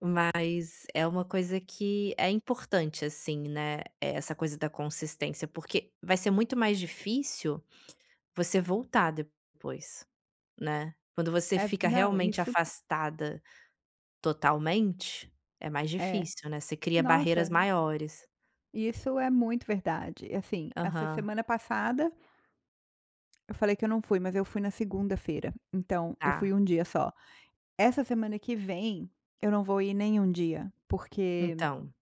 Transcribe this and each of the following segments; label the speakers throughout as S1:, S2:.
S1: Mas é uma coisa que é importante assim, né, essa coisa da consistência, porque vai ser muito mais difícil você voltar depois, né, quando você
S2: É ve
S1: fica
S2: não,
S1: realmente
S2: isso.
S1: afastada totalmente é mais
S2: É,
S1: difícil, né, você cria barreiras
S2: nossa.
S1: maiores.
S2: E isso é muito verdade assim, essa
S1: Aham.
S2: semana passada eu falei que eu não fui mas eu fui na segunda-feira, então eu fui
S1: Está.
S2: 1 dia só, Essa semana que vem eu não vou ir nenhum dia, porque
S1: Então.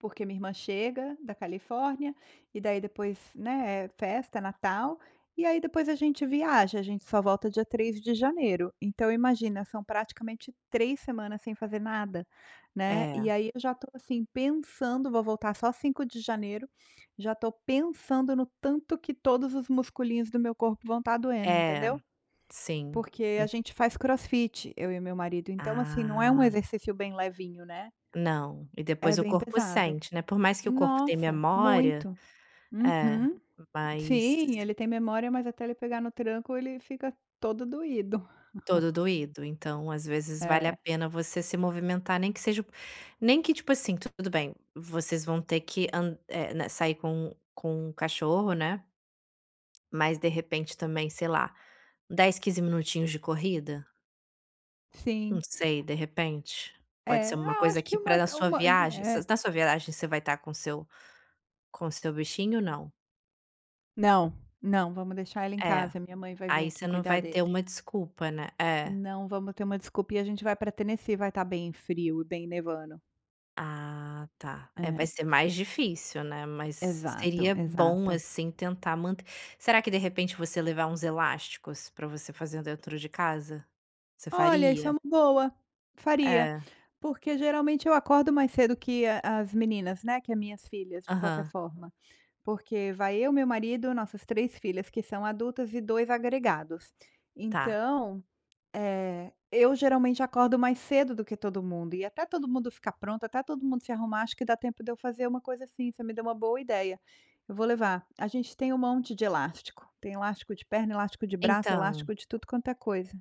S2: porque minha irmã chega da Califórnia e daí depois, né, é festa é Natal, e aí depois a gente viaja a gente só volta dia 3 de janeiro, então imagina são praticamente 3 semanas sem fazer nada, né, e
S1: É.
S2: aí eu já tô assim pensando, vou voltar só 5 de janeiro, já estou pensando no tanto que todos os musculinhos do meu corpo vão estar doendo
S1: É,
S2: entendeu.
S1: sim.
S2: Porque
S1: Hum
S2: a gente faz Crossfit eu e o meu marido então assim não é um
S1: Ah.
S2: exercício bem levinho, né.
S1: Não, e
S2: É
S1: depois o
S2: bem
S1: corpo
S2: pesado.
S1: sente, né, por mais que o corpo tem
S2: Nossa
S1: memória,
S2: muito.
S1: é
S2: Uhum.
S1: mas
S2: Sim ele tem memória mas até ele pegar no tranco ele fica todo doído.
S1: Todo doído, então às vezes vale a
S2: É.
S1: pena você se movimentar nem que seja, nem que tipo assim tudo bem, vocês vão ter an é, né sair com com cachorro, né. Mas de repente também sei lá, 10 15 minutinhos de corrida? Não
S2: Sim.
S1: sei de repente, pode ser
S2: É,
S1: uma
S2: ah,
S1: coisa
S2: acho que
S1: que para
S2: uma
S1: a sua
S2: uma,
S1: viagem,
S2: é.
S1: vocês na sua viagem você vai estar com seu com seu bichinho ou não?
S2: Não, não vamos deixar ela em
S1: É,
S2: casa, a minha mãe vai vim
S1: aí
S2: aqui
S1: você não
S2: cuidar
S1: vai ter
S2: dele.
S1: uma desculpa, né. É.
S2: Não vamos ter uma desculpinha a gente vai para Tennessee, vai estar bem frio e bem nevando.
S1: Ah, tá, é vai
S2: É.
S1: ser mais difícil, né, mas
S2: Exato,
S1: seria bom,
S2: exato.
S1: assim, tentar manter Será que de repente você levar uns elásticos para você fazer dentro de casa? Você
S2: Olha isso é
S1: faria?
S2: uma boa, faria.
S1: É.
S2: Porque geralmente eu acordo mais cedo que a as meninas, né, que é minhas filhas de qualquer
S1: Aham.
S2: forma. Porque vai eu, meu marido, nossas 3 filhas que são adultas e 2 agregados.
S1: Está.
S2: Então, eh, eu geralmente acordo mais cedo do que todo mundo e até todo mundo ficar pronto, até todo mundo se arrumar acho que dá tempo de eu fazer uma coisa assim, você me deu uma boa ideia. Eu vou levar, a gente tem um monte de elástico, tem elástico de perna, elástico de braço,
S1: Então.
S2: elástico de tudo quanto é coisa.